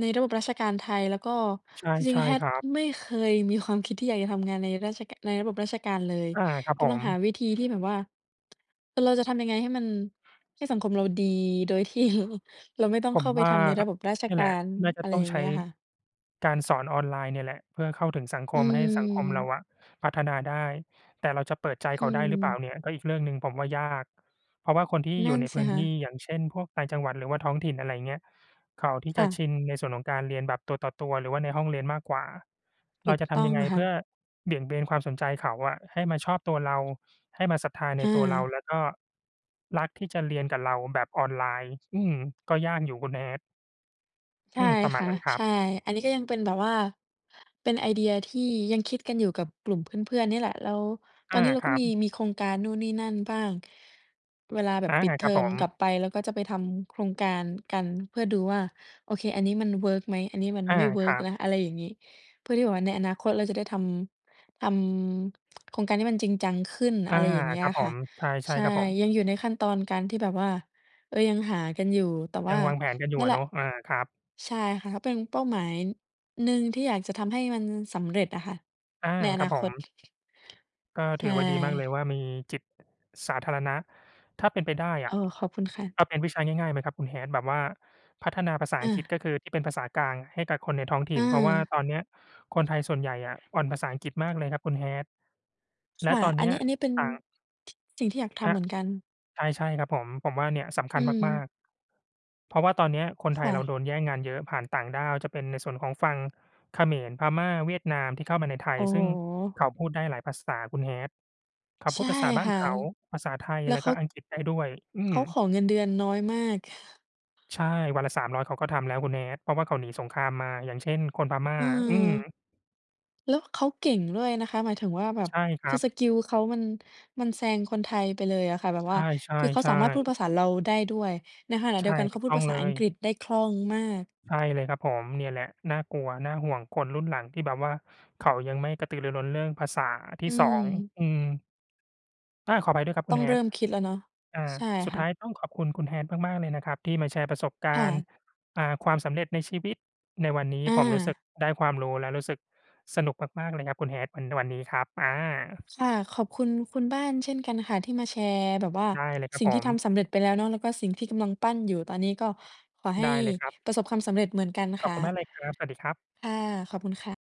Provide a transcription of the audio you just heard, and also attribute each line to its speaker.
Speaker 1: ในระบบราชการไทย แล้วก็
Speaker 2: ใช
Speaker 1: จริง
Speaker 2: ่
Speaker 1: ๆ
Speaker 2: ๆ ค
Speaker 1: Hat
Speaker 2: รับ
Speaker 1: ไม่เคยมีความคิดที่อยากจะทำงานในราช ก ในระบบราชการเลย
Speaker 2: อา ครับ
Speaker 1: ก
Speaker 2: ผ
Speaker 1: ำลัง
Speaker 2: ม
Speaker 1: หาวิธีที่แบบว่า เราจะทำยังไง ให้มัน ให้สังคมเราดีโดย ที่ ล เราไม่ต้อง
Speaker 2: ผ
Speaker 1: เข
Speaker 2: ม
Speaker 1: ้าไป
Speaker 2: ว่า
Speaker 1: ทำในระบบราช
Speaker 2: นี่
Speaker 1: ก
Speaker 2: แ
Speaker 1: า
Speaker 2: หละ
Speaker 1: ร
Speaker 2: น่าจะ
Speaker 1: อะไร
Speaker 2: ต้อ
Speaker 1: อ
Speaker 2: ง
Speaker 1: ย่าง
Speaker 2: ใช
Speaker 1: เง
Speaker 2: ้
Speaker 1: ี้ยค่ะ
Speaker 2: การสอนออนไลน์เนี่ยแหละ เพื่อเข้าถึงสังค
Speaker 1: อื
Speaker 2: มให้สังคมเรา
Speaker 1: ม
Speaker 2: อะพัฒนาได้ แต่เราจะเปิดใจ
Speaker 1: อ
Speaker 2: เข
Speaker 1: ื
Speaker 2: าได้หรือเปล่า
Speaker 1: ม
Speaker 2: เนี่ย ก็อีกเรื่องหนึ่ง ผมว่ายาก เพราะว่าคนที่
Speaker 1: น
Speaker 2: อย
Speaker 1: ั
Speaker 2: ู
Speaker 1: ่
Speaker 2: ่
Speaker 1: น
Speaker 2: ใน
Speaker 1: ส
Speaker 2: พ
Speaker 1: ิ
Speaker 2: ื้น
Speaker 1: ค่
Speaker 2: ท
Speaker 1: ะ
Speaker 2: ี่ อย่างเช่น พวกต่างจังหวัด หรือว่าท้องถิ่น อะไรเงี้ย เขาที่
Speaker 1: ค
Speaker 2: จะ
Speaker 1: ่ะ
Speaker 2: ชินในส่วนของการเรียนแบบตัวต่อตัว หรือว่าในห้องเรียนมากกว่า เ
Speaker 1: ถ
Speaker 2: รา
Speaker 1: ูก
Speaker 2: จะท
Speaker 1: ต้
Speaker 2: ำ
Speaker 1: อ
Speaker 2: ย
Speaker 1: ง
Speaker 2: ังไง
Speaker 1: ค
Speaker 2: เพ
Speaker 1: ่
Speaker 2: ื
Speaker 1: ะ
Speaker 2: ่อเบี่ยงเบนความสนใจเขาอะให้มาชอบตัวเรา ให้มาศรัทธาใ
Speaker 1: อ
Speaker 2: นตัวเรา
Speaker 1: า
Speaker 2: แล้วก็รักที่จะเรียนกับเราแบบออนไลน์ อืม ก็ยากอยู่คุณ Hat
Speaker 1: ใช
Speaker 2: อื
Speaker 1: ่
Speaker 2: ม ประมา
Speaker 1: ค
Speaker 2: ณ
Speaker 1: ่ะ
Speaker 2: นั้นครั
Speaker 1: ใช
Speaker 2: บ
Speaker 1: ่ อันนี้ก็ยังเป็นแบบว่า เป็นไอเดียที่ยังคิดกันอยู่กับกลุ่มเพื่อน ๆ นี่แหละ แล้วต
Speaker 2: อ
Speaker 1: อ
Speaker 2: า
Speaker 1: นนี้เรา
Speaker 2: ค
Speaker 1: ก
Speaker 2: ร
Speaker 1: ็
Speaker 2: ั
Speaker 1: มี
Speaker 2: บ
Speaker 1: มีโครงการนู่นนี่นั่นบ้าง เวลาแบ
Speaker 2: อ
Speaker 1: บ
Speaker 2: า
Speaker 1: ปิดเ
Speaker 2: ค
Speaker 1: ท
Speaker 2: ร
Speaker 1: อ
Speaker 2: ับผ
Speaker 1: มก
Speaker 2: ม
Speaker 1: ลับไป แล้วก็จะไปทำโครงการกัน เพื่อดูว่า โอเค อันนี้มันเวิร์กไหม อันนี้มัน
Speaker 2: อา
Speaker 1: ไม่เวิ
Speaker 2: ค
Speaker 1: ร์
Speaker 2: รั
Speaker 1: กแ
Speaker 2: บ
Speaker 1: ล้ว อะไรอย่างงี้ เพื่อที่แบบว่าในอนาคตเราจะได้ทำ ทำโครงการที่มันจริงจังขึ้น
Speaker 2: อ
Speaker 1: อ
Speaker 2: า
Speaker 1: ะไรอย่างเงี้
Speaker 2: ค
Speaker 1: ย
Speaker 2: รับผ
Speaker 1: ค่ะ
Speaker 2: ม ใช
Speaker 1: ใ
Speaker 2: ่
Speaker 1: ช่
Speaker 2: ๆ ครับผม
Speaker 1: ยังอยู่ในขั้นตอนการที่แบบว่า เออ ยังหากันอยู่ แต่ว
Speaker 2: ย
Speaker 1: ่
Speaker 2: ั
Speaker 1: า
Speaker 2: งวางแผนกันอยู
Speaker 1: น
Speaker 2: ่
Speaker 1: ั่
Speaker 2: อ
Speaker 1: นแห
Speaker 2: ะ
Speaker 1: ล
Speaker 2: เน
Speaker 1: ะ
Speaker 2: าะ อา ครับ
Speaker 1: ใช่ค่ะ ก็เป็นเป้าหมายหนึ่งที่อยากจะทำให้มันสำเร็จอะค่ะ
Speaker 2: อา
Speaker 1: ในอ
Speaker 2: คร
Speaker 1: น
Speaker 2: ั
Speaker 1: า
Speaker 2: บผ
Speaker 1: คต
Speaker 2: ม ก็
Speaker 1: ใช
Speaker 2: ถื
Speaker 1: ่
Speaker 2: อว่า ดีมากเลยว่า มีจิตสาธารณะ ถ้าเป็นไปได้อ
Speaker 1: โอ
Speaker 2: ะ
Speaker 1: ้ ขอบคุณค่ะ
Speaker 2: เอาเป็นวิชาง่าย ๆ ไหมครับคุณ Hat แบบว่าพัฒนาภาษา
Speaker 1: อ
Speaker 2: อังกฤษ
Speaker 1: า
Speaker 2: ก็คือที่เป็นภาษากลางให้กับคนในท้องถ
Speaker 1: เ
Speaker 2: ิ่น เพราะว่า
Speaker 1: ออ
Speaker 2: ตอเนี้ยคนไทยส่วนใหญ่อะ อ่อนภาษาอังกฤษมากเลยครับคุณ Hat
Speaker 1: ค
Speaker 2: และ
Speaker 1: ่ะ
Speaker 2: ตอน
Speaker 1: อ
Speaker 2: เ
Speaker 1: ั
Speaker 2: น
Speaker 1: น
Speaker 2: ี้
Speaker 1: น
Speaker 2: ย
Speaker 1: ี้ อันนี้เป็น
Speaker 2: ต่าง
Speaker 1: สิ่งที่อยากท
Speaker 2: อ
Speaker 1: ำเ
Speaker 2: ะ
Speaker 1: หมือนกัน
Speaker 2: ใช่ ๆ ครับผม ผมว่า เนี่ยสำค
Speaker 1: อื
Speaker 2: ัญมา
Speaker 1: ม
Speaker 2: ก ๆ เพราะว่าตอนเนี้ยคนไท
Speaker 1: ค
Speaker 2: ย
Speaker 1: ่
Speaker 2: เรา
Speaker 1: ะ
Speaker 2: โดนแย่งงานเยอะ ผ่านต่างด้าวจะเป็นในส่วนของฝั่งเขมร พม่า เวียดนาม ที่เข้ามาในไท
Speaker 1: โ
Speaker 2: ย
Speaker 1: อ้
Speaker 2: ซ
Speaker 1: โ
Speaker 2: ึ่งเข
Speaker 1: ฮ!
Speaker 2: าพูดได้หลายภาษาคุณ Hat เขา
Speaker 1: ใ
Speaker 2: พ
Speaker 1: ช
Speaker 2: ูด
Speaker 1: ่
Speaker 2: ภาษาบ้า
Speaker 1: ค
Speaker 2: น
Speaker 1: ่ะ
Speaker 2: เขา ภาษาไทย
Speaker 1: แล้
Speaker 2: แ
Speaker 1: ว
Speaker 2: ล้ว
Speaker 1: เข
Speaker 2: ก็
Speaker 1: า
Speaker 2: อังกฤษได้ด้วย อื
Speaker 1: เข
Speaker 2: ม
Speaker 1: าขอเงินเดือนน้อยมาก
Speaker 2: ใช่ วันละ 300 เขาก็ทำแล้วคุณ Hat เพราะว่าเขาหนีสงครามมา อย่างเช่น คนพม่า
Speaker 1: อืม
Speaker 2: อืม
Speaker 1: แล้วเขาเก่งด้วยนะคะ หมายถึงว่าแบบ
Speaker 2: ใช่คร
Speaker 1: ค
Speaker 2: ั
Speaker 1: ือ
Speaker 2: บ
Speaker 1: สกิลเขามัน มันแซงคนไทยไปเลยอะค่ะ แบบ
Speaker 2: ใ
Speaker 1: ว่า
Speaker 2: ช
Speaker 1: คือเขาสา
Speaker 2: ่
Speaker 1: มารถพูด
Speaker 2: ๆ ๆ
Speaker 1: ภาษาเราได้ด้วย ในขณะ
Speaker 2: ใ
Speaker 1: เ
Speaker 2: ช
Speaker 1: ดีย
Speaker 2: ่
Speaker 1: วกันเข
Speaker 2: ถู
Speaker 1: า
Speaker 2: ก
Speaker 1: พู
Speaker 2: ต
Speaker 1: ด
Speaker 2: ้อ
Speaker 1: ภ
Speaker 2: ง
Speaker 1: า
Speaker 2: เ
Speaker 1: ษา
Speaker 2: ล
Speaker 1: อัง
Speaker 2: ย
Speaker 1: กฤษได้คล่องมาก
Speaker 2: ใช่เลยครับผม เนี่ยแหละ น่ากลัว น่าห่วงคนรุ่นหลังที่แบบว่าเขายังไม่กระตือรือร้นเรื่องภาษาที
Speaker 1: อ
Speaker 2: ่
Speaker 1: ื
Speaker 2: 2
Speaker 1: ม
Speaker 2: อืม อา ขอภัยด้วยครับค
Speaker 1: ต
Speaker 2: ุ
Speaker 1: ้อ
Speaker 2: ณ
Speaker 1: งเร
Speaker 2: Hat
Speaker 1: ิ่มคิดแล้วเนาะ
Speaker 2: อ่า
Speaker 1: ใช่
Speaker 2: สุด
Speaker 1: ค
Speaker 2: ท
Speaker 1: ่ะ
Speaker 2: ้ายต้องขอบคุณคุณ Hat มาก ๆ เลยนะครับที่มาแชร์ประสบก
Speaker 1: ค
Speaker 2: า
Speaker 1: ่
Speaker 2: รณ์
Speaker 1: ะ
Speaker 2: อ่า ความสำเร็จในชีวิตในวันนี้
Speaker 1: อ
Speaker 2: ผมรู้สึก
Speaker 1: า
Speaker 2: ได้ความรู้ และรู้สึกสนุกมาก ๆ เลยครับคุณ Hat วัน วันนี้ครับ อา
Speaker 1: ค่ะ ขอบคุณ คุณบ้านเช่นกันค่ะ ที่มาแชร์แบบว่า
Speaker 2: ได้เลยครั
Speaker 1: สิ
Speaker 2: บ
Speaker 1: ่ง
Speaker 2: ผ
Speaker 1: ที่
Speaker 2: ม
Speaker 1: ทำสำเร็จไปแล้วเนาะ แล้วก็สิ่งที่กำลังปั้นอยู่ตอนนี้ ก็ขอใ
Speaker 2: ไ
Speaker 1: ห้
Speaker 2: ด้เลยครับ
Speaker 1: ประสบความสำเร็จเหมือนกัน
Speaker 2: ข
Speaker 1: ค
Speaker 2: อบ
Speaker 1: ่ะ
Speaker 2: คุณมากเลยครับ สวัสดีครับ
Speaker 1: ค่ะ ขอบคุณค่ะ